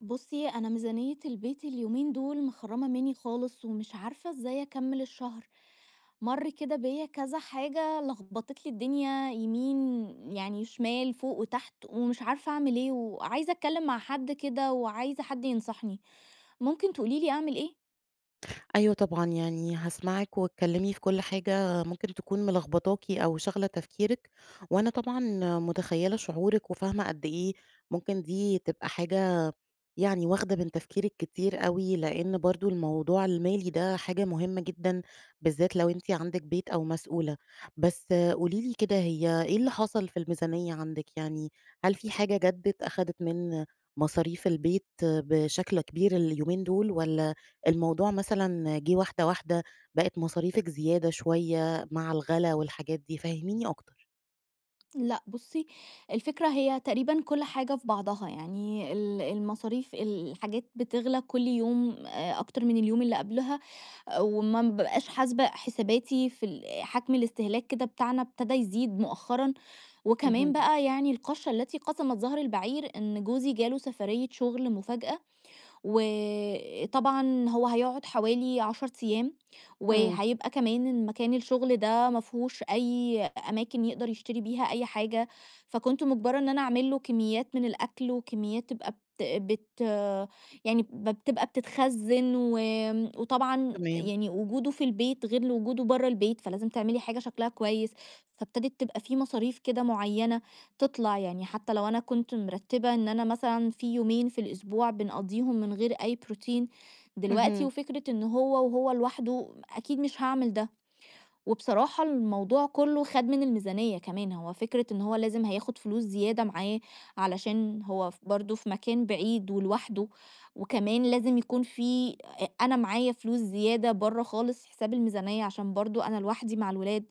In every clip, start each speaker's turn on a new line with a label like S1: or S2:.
S1: بُصّي أنا ميزانية البيت اليومين دول مخرّمة مني خالص، ومش عارفة إزاي أكمل الشهر. مَرّ كده بيّا كذا حاجة لخبطِت لي الدنيا يمين يعني شمال فوق وتحت، ومش عارفة أعمل إيه، وعايزة أتكلم مع حد كده وعايزة حد ينصحني، ممكن تقولي لي أعمل إيه؟
S2: أيوة طبعًا، يعني هاسمعِك واتكلمي في كُلّ حاجة ممكن تكون ملخبطاكِ أو شاغلة تفكيرِك، وأنا طبعًا متخيلة شعورِك وفاهمة قدّ إيه ممكن دي تبقى حاجة يعني واخدة من تفكيرِك كتير أوي، لأن برضو الموضوع المالي ده حاجة مُهمة جدًا، بالذات لو أنتِ عندِك بيت أو مسؤولة. بس قولي لي كده هي إيه اللي حصل في الميزانية عندِك، يعني هل في حاجة جدّت أخدِت من مصاريف البيت بشكل كبير اليومين دول، والّا الموضوع مثلًا جِه واحدة واحدة، بقِت مصاريفِك زيادة شوية مع الغلا والحاجات دي؟ فهّميني أكتر.
S1: لأ بُصّي، الفكرة هي تقريبًا كُلّ حاجة في بعضها، يعني ال المصاريف، الحاجات بتغلى كُلّ يوم آآ، أكتر من اليوم اللي قبلها، وما بابقاش حاسبة حساباتي في ال حَجم الاستهلاك كده بتاعنا ابتدى يزيد مؤخرًا، وكمان
S2: اهم.
S1: بقى يعني القشّة التي قسَمت ظهر البعير إن جوزي جاله سفَرية شُغل مفاجأة، وطبعًا هو هيقعد حوالي 10 أيام،
S2: إمم.
S1: وهيبقى كمان مكان الشغل ده ما فيهوش أي أماكن يقْدر يشتري بيها أي حاجة، فكنت مُجبرة إن أنا أعمل له كميات من الأكْل وكميات تبقى بت بت يعني ب تبقى بتتخزّن، وآمم، وطبعًا
S2: تمام.
S1: يعني وجُوده في البيت غير لوجودُه برّا البيت، فلازم تعملي حاجة شكلها كويس، فابتدت تبقى فيه مصاريف كده مُعيّنة تِطلَع، يعني حتى لو أنا كنت مِرتّبة إن أنا مثلًا فيه يومين في الأسبوع بنقضّيهم من غير أي بروتين، دلوقتي
S2: اهم.
S1: وفكرة إن هو وهو لوحده أكيد مش هاعمل ده. وبصراحة الموضوع كلّه خَد من الميزانية كمان، هو فكرة إن هو لازم هياخد فلوس زيادة معاه علشان هو ف برضو في مكان بعيد ولوحدُه، وكمان لازم يكون فيه أ أنا معايا فلوس زيادة برّا خالص حساب الميزانية عشان برضو أنا لوحدي مع الولاد،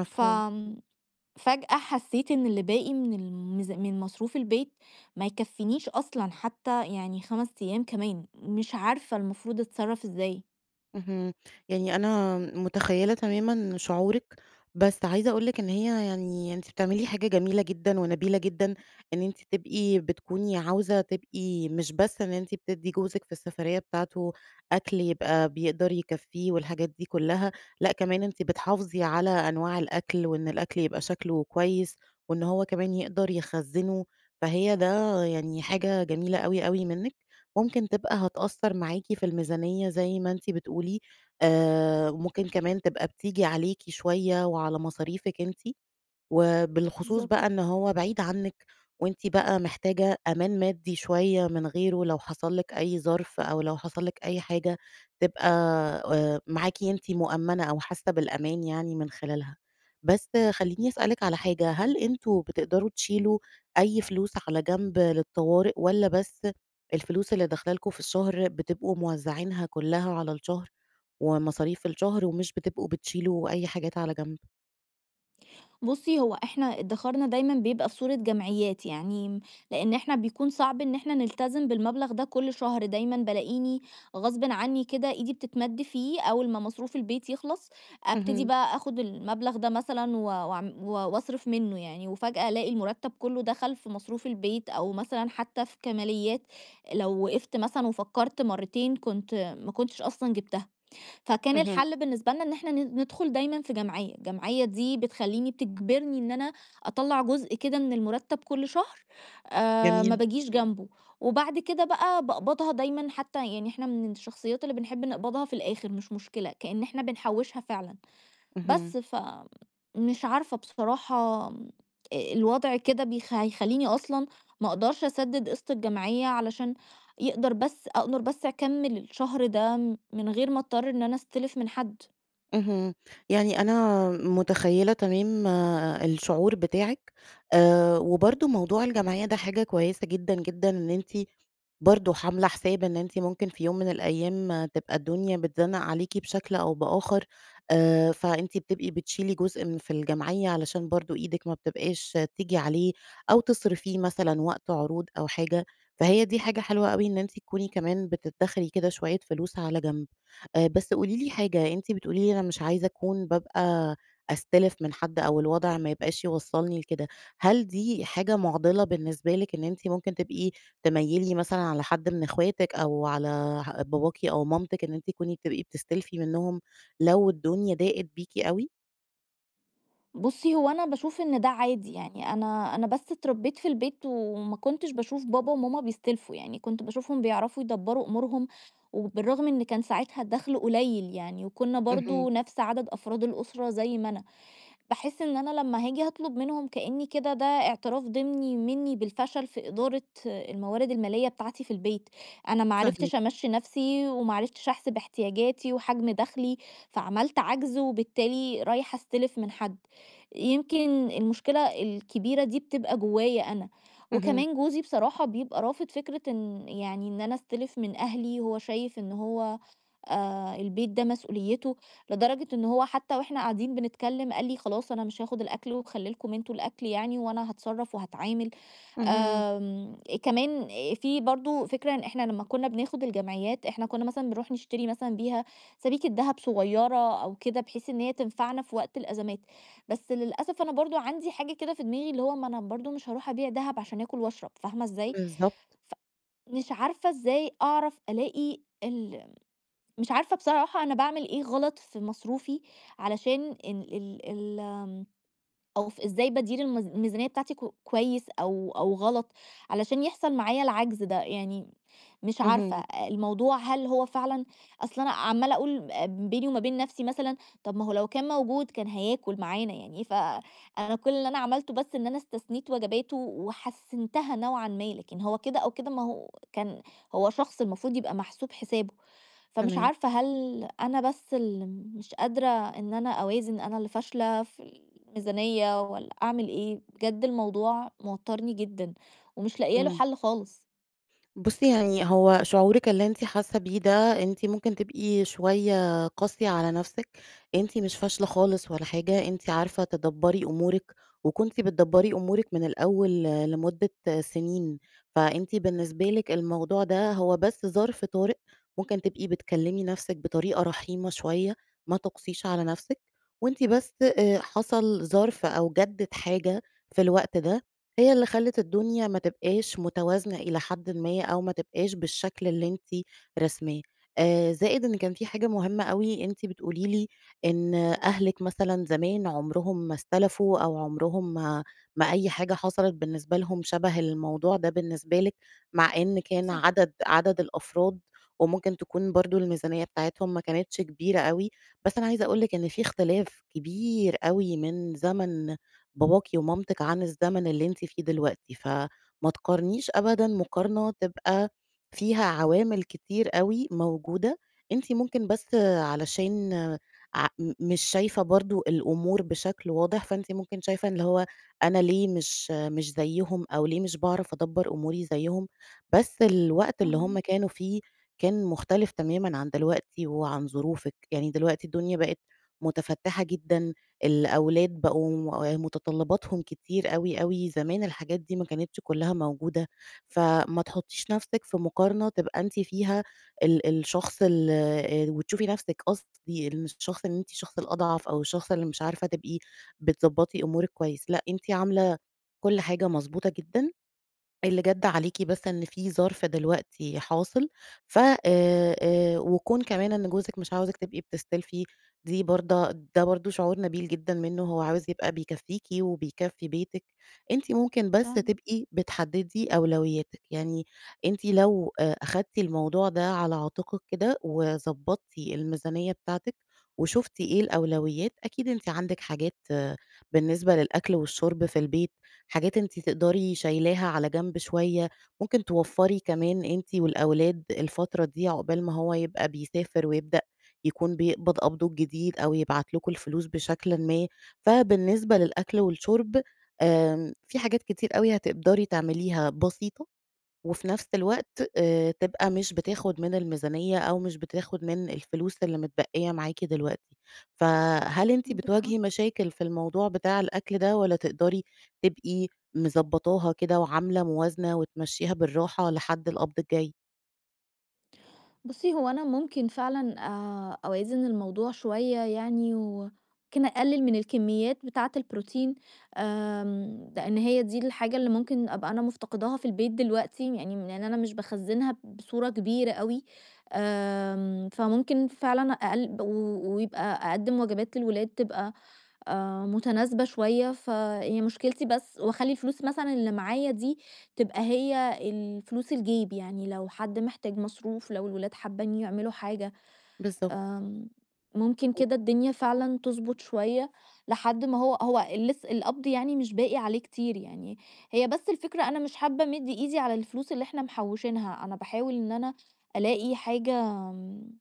S1: ف آمم، فجأة حسيت إن اللي باقي من الميز من مصروف البيت ما يكفينيش أصلًا، حتى يعني 5 أيام كمان، مش عارفة المفروض أتصرف إزاي؟
S2: اهم، يعني أنا متخيّلة تمامًا شعورِك، بس عايزة أقول لِك إن هي يعني أنتِ بتعملي حاجة جميلة جدًا ونبيلة جدًا، إن أنتِ تبقي بتكوني عاوزة تبقي مش بس إن أنتِ بتدّي جوزِك في السفرية بتاعته أكل يبقى بيقدر يكفيه والحاجات دي كلّها، لأ كمان أنتِ بتحافظي على أنواع الأكل وإن الأكل يبقى شكله كويس وإن هو كمان يقدر يخزنه، فهي ده يعني حاجة جميلة أوي، أوي منِك، ممكن تبقى هتأثّر معاكِ في الميزانية زي ما أنتِ بتقولي، آآ، ممكن كمان تبقى بتيجي عليكِ شوية وعلى مصاريفِك أنتِ، وبالخصوص بقى
S1: بالضبط.
S2: إن هو بعيد عنِك وأنتِ بقى محتاجة أمان مادي شوية من غيره، لو حصل لِك أي ظرف أو لو حصل لِك أي حاجة، تبقى آآ، معاكِ أنتِ مؤمَّنة أو حاسّة بالأمان يعني من خلالها، بس خلّيني أسألِك على حاجة، هل أنتم بتقدروا تشيلوا أي فلوس على جنب للطوارئ، والّا بس الفلوس اللي داخلة لكم في الشهر بتبقوا موزعينها كلّها على الشهر ومصاريف الشهر ومش بتبقوا بتشيلوا أي حاجات على جنب؟
S1: بُصّي هو إحنا إدخارنا دايمًا بيبقى في صورة جمعيات يعني، لأن إحنا بيكون صعب إن إحنا نلتزم بالمبلغ ده كُلّ شهر، دايمًا بالاقيني غصبٍ عني كده إيدي بتتمد فيه أول ما مصروف البيت يخلص ابتدي
S2: اهم.
S1: بقى آخد المبلغ ده مثلًا و وأعم و وأصرف منه يعني، وفجأة ألاقي المرتب كلّه دخل في مصروف البيت أو مثلًا حتى في كماليات لو وقفْت مثلًا وفكرت مَرّتين كنت ما كنتش أصلًا جبتها. فكان
S2: اهم.
S1: الحل بالنسبة لنا إن إحنا ن ندخل دايمًا في جمعية، الجمعية دي بتخلّيني بتجبرني إن أنا أطلّع جزء كده من المرتب كُلّ شهر، آآ، ما
S2: جميل.
S1: باجيش جنبه، وبعد كده بقى باقبضها دايمًا حتى يعني إحنا من الشخصيات اللي بنحب نقبضها في الآخر، مش مشكلة، كأن إحنا بنحوّشها فعلًا.
S2: اهم.
S1: بس، فمش عارفة بصراحة آمم، أ الوضع كده بيخ هيخلّيني أصلًا ما أقدرش أسدد قسط الجمعية علشان يقدر بس أقدر بس أكمّل الشهر ده، من غير ما أضطر إن أنا أستلف من حد.
S2: اهم، يعني أنا متخيلة تمام الشعور بتاعِك، آآ، وبرضو موضوع الجمعية ده حاجة كويسة جدًا، جدًا، إن أنتِ برضو حاملة حساب إن أنت ممكن في يوم من الأيام تبقى الدنيا بتزنّق عليكِ بشكل أو بآخر، آآ، فأنتِ بتبقي بتشيلي جزء من في الجمعية علشان برضو إيدِك ما بتبقاش تيجي عليه أو تصرفيه مثلًا وقت عروض أو حاجة، فهي دي حاجة حلوة أوي إن أنتِ تكوني كمان بتدخري كده شوية فلوس على جنب. آآ، بس قولي لي حاجة، أنتِ بتقولي لي أنا مش عايزة أكون بابقى أستلف من حد أو الوضع ما يبقاش يوصّلني لكده، هل دي حاجة معضلة بالنسبة لِك إن أنتِ ممكن تبقي تميِّلي مثلًا على حد من اخواتِك أو على ه باباكِ أو مامتِك إن أنتِ تكوني بتبقي بتستلفي منّهم لو الدنيا ضاقت بيكِ أوي؟
S1: بُصّي، هو أنا باشوف إن ده عادي، يعني أنا أنا بس اتربّيت في البيت وما كنتش باشوف بابا وماما بيستلفوا يعني. كنت باشوفهم بيعرفوا يدبّروا أمورهم وبالرغم إن كان ساعتها الدَخْل قليّل يعني وكُنّا
S2: اهم.
S1: برضه نَفْس عدد أفراد الأسرة زي ما أنا. باحِس إن أنا لمّا هاجي هاطلُب منهم كإنّي كده ده اعتراف ضِمني مِنّي بالفشل في إدارة الموارد المالية بتاعتي في البيت. أنا ما
S2: فاهماكِ.
S1: عرفتش أمَشّي نَفْسي وما عرفتش أحسب احتياجاتي وحجم دَخْلي، فعملْت عَجْز وبالتالي رايحة أستِلف من حد. يمكن المشكلة الكبيرة دي بتبقى جوايّا أنا.
S2: اهم.
S1: وكمان جوزي بصراحة يبقى رافض فكرة إن يعني إن أنا أستِلف من أهلي، هو شايف إن هو آآ البيت ده مسؤوليّته لدرجة أنه هو حتّى وإحنا قاعدين بنتكلّم قال لي: "خلاص أنا مش هاخُد الأكل وخلّي لكم أنتم الأكل يعني وأنا هاتصرّف وهاتعامل."
S2: اهم.
S1: آمم كمان في برضه فكرة إن إحنا لمّا كُنّا بناخُد الجمعيّات، إحنا كُنّا مثلًا بنروح نشتري مثلًا بيها سَبيكة دهب صغيرة أو كده بحيث إن هي تنفعنا في وقت الأزَمات. بس للأسف أنا برضه عندي حاجة كده في دماغي اللي هو ما أنا برضه مش هاروح أبيع دهب عشان آكل وأشرب فاهمة إزاي؟
S2: بالضبط.
S1: ف مش عارفة إزاي أعرف ألاقي ال مش عارفة بصراحة أنا باعمل إيه غلط في مصروفي علشان إن ال ال آمم أو ف إزاي بادير الميز الميزانيّة بتاعتي ك كويس أو أو غلط علشان يحصل معايا العجز ده؟ يعني مش عارفة.
S2: اهم.
S1: الموضوع هل هو فعلًا أصل أنا عمّالة أقول آآ بيني وما بين نَفْسي مثلًا، طَب ما هو لو كان موجود، كان هياكل معانا يعني. ف أنا كل اللي أنا عملته بس إن أنا استثنيت وجباته وحسِّنتها نوعًا ما، لكن هو كده أو كده ما هو كان هو شخص المفروض يبقى محسوب حسابه. فمش
S2: تمام.
S1: عارفة هل أنا بس اللي مش قادرة إن أنا أوازن، أنا اللي فاشلة في الميزانيّة والّا أعمل إيه؟ بجد الموضوع موتّرني جدًا ومش لاقية له
S2: إمم.
S1: حَل خالص.
S2: بُصّي، يعني هو شعورِك اللي أنتِ حاسّة بيه ده أنتِ ممكن تبقي شوية قاسية على نَفْسِك. أنتِ مش فاشلة خالص ولا حاجة، أنتِ عارفة تدبّري أمورِك وكنتِ بتدبّري أمورِك من الأول لمدة سِنين، فأنتِ بالنسبة لِك الموضوع ده هو بس ظرف طارئ ممكن تبقي بتكلّمي نَفْسِك بطريقة رحيمة شوية. ما تُقسيش على نَفْسِك وأنتِ بس آآ حصل ظرف أو جَدِّت حاجة في الوقت ده هي اللي خَلِّت الدنيا ما تبقاش متوازنة إلى حدٍ ما أو ما تبقاش بالشكل اللي أنتِ راسماه. آآ زائد إن كان في حاجة مهمة أوي أنتِ بتقولي لي إن أهلِك مثلًا زمان عمرهم ما استلفوا أو عمرهم ما ما أي حاجة حصلت بالنسبة لهم شَبه الموضوع ده بالنسبة لِك، مع إن كان
S1: صح.
S2: عدد عدد الأفراد وممكن تكون برضه الميزانيّة بتاعتهم ما كانتش كبيرة أوي. بس أنا عايزة أقول لِك إن في اختلاف كبير أوي من زَمَن باباكِ ومامتِك عن الزمن اللي أنتِ فيه دلوقتي. فما تقارنيش أبدًا مقارنة تبقى فيها عوامل كتير أوي موجودة. أنتِ ممكن بس علشان ع م مش شايفة برضه الأمور بشكل واضح، فأنتِ ممكن شايفة اللي هو أنا ليه مش مش زيّهم أو ليه مش باعرف أدبّر أموري زيّهم، بس الوقت اللي هم
S1: فاهماكِ.
S2: كانوا فيه، كان مختلف تمامًا عن دلوقتي وعن ظروفِك. يعني دلوقتي الدنيا بقت مُتفتِّحة جدًا، الأولاد بقوا آآ مُتطلِّباتهم كتير أوي، أوي زمان الحاجات دي ما كانتش كُلّها موجودة، فما تحُطّيش نَفْسِك في مقارنة تبقى أنتِ فيها ال الشخص ال آآ وتشوفي نَفْسِك قصدي الشخص إن أنتِ الشخص الأضعف أو الشخص اللي مش عارفة تبقي بتضبّطي أمورِك كويس. لأ، أنتِ عاملة كل حاجة مضبوطة جدًا، اللي جَد عليكِ بس إن في ظرف دلوقتي حاصل ف آآ، آآ وكون كمان إن جوزِك مش عاوزِك تبقي بتستلفي، دي برضا ده برضه شعور نبيل جدًا منّه، هو عاوز يبقى بيكفّيكِ وبيكفّي بيتِك. أنتِ ممكن بس
S1: [unintelligible]
S2: تبقي بتحدّدي أولوياتِك. يعني أنتِ لو آآ أخدتِ الموضوع ده على عاتِقِك كده وضبّطتِ الميزانيّة بتاعتِك وشُفتِ إيه الأولويات، أكيد أنتِ عندِك حاجات بالنسبة للأكل والشُرب في البيت، حاجات أنتِ تقدري شايلاها على جنب شوية، ممكن توفّري كمان أنتِ والأولاد الفترة دي عقبال ما هو يبقى بيسافر ويبدأ يكون بيقبض قبضه الجديد أو يبعت لكم الفلوس بشكل ما، فبالنسبة للأكل والشرب آمم في حاجات كتير أوي هتقدري تعمليها بسيطة وفي نَفْس الوقت آآ تبقى مش بتاخُد من الميزانيّة أو مش بتاخُد من الفلوس اللي متبقّية معاكِ دلوقتي. فهل أنتِ
S1: عندِك حق.
S2: بتواجهي مشاكل في الموضوع بتاع الأكل ده والّا تقدري تبقي مضبّطاها كده وعاملة موازنة وتمشّيها بالراحة لحد القبض الجاي؟
S1: بُصّي هو أنا ممكن فعلًا آآ أوازن الموضوع شوية يعني، وممكن أقلّل من الكميات بتاعة البروتين، آمم لإن هي دي الحاجة اللي ممكن أبقى أنا مفتقداها في البيت دلوقتي، يعني لإن أنا مش باخزّنها بصورة كبيرة أوي، آمم، فممكن فعلًا أقل و ويبقى أقدّم وجبات للولاد تبقى آآ متناسبة شوية، فهي مشكلتي بس واخلّي الفلوس مثلًا اللي معايا دي تبقى هي الفلوس الجيب، يعني لو حد محتاج مصروف، لو الولاد حابين يعملوا حاجة،
S2: بالضبط.
S1: آمم ممكن
S2: [unintelligible]
S1: كده الدنيا فعلًا تضبُط شوية، لحد ما هو هو لسّ القبض يعني مش باقي عليه كتير يعني، هي بس الفكرة أنا مش حابة أمد إيدي على الفلوس اللي إحنا محوشينها، أنا باحاول إن أنا ألاقي حاجة آمم،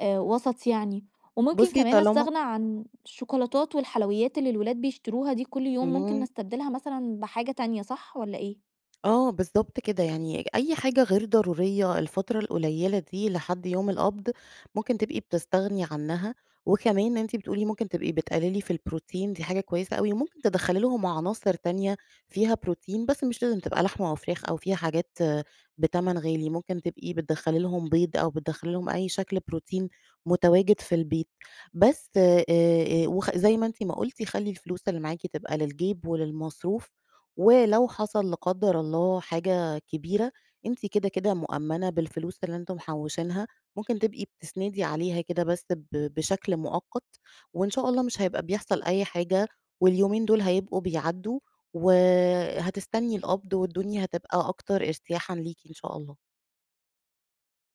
S1: آآ، وسط يعني، وممكن
S2: بُصّي
S1: كمان
S2: طالما
S1: أستغنى عن الشوكولاتات والحلويات اللي الولاد بيشتروها دي كلّ يوم، ممكن
S2: إمم.
S1: نستبدلها مثلًا بحاجة تانية، صح والّا إيه؟
S2: آه، بالضبط كده، يعني أي حاجة غير ضرورية الفترة القليّلة دي لحد يوم القبض، ممكن تبقي بتستغني عنها، وكمان أنتِ بتقولي ممكن تبقي بتقلّلي في البروتين دي حاجة كويسة أوي، وممكن تدخّلي لهم عناصر تانية فيها بروتين، بس مش لازم تبقى لحمة أو فراخ أو فيها حاجات بتمن غالي، ممكن تبقي بتدخّلي لهم بيض أو بتدخلي لهم أي شكل بروتين متواجد في البيت، بس آآ، آآ وخ زي ما أنتِ ما قُلتِ خلّي الفلوس اللي معاكِ تبقى للجيب وللمصروف، ولو حصل لا قدر الله حاجة كبيرة، أنتِ كده، كده مؤمّنة بالفلوس اللي إنتم محوشينها، ممكن تبقي بتسندي عليها كده بس ب بشكل مؤقَّت، وإن شاء الله مش هيبقى بيحصل أي حاجة، واليومين دُول هيبقوا بيعدّوا وهتستني القبض والدنيا هتبقى أكتر إرتياحًا ليكِ إن شاء الله.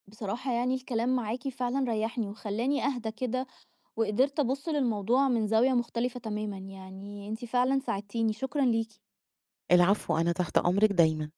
S1: بصراحة يعني الكلام معاكِ فعلًا ريّحني، وخلّاني أهدى كده، وقِدِرت أبُصّ للموضوع من زاوية مختلفة تمامًا، يعني أنتِ فعلًا ساعدتيني، شكرًا ليكِ.
S2: العفو، أنا تحت أمرِك دايمًا.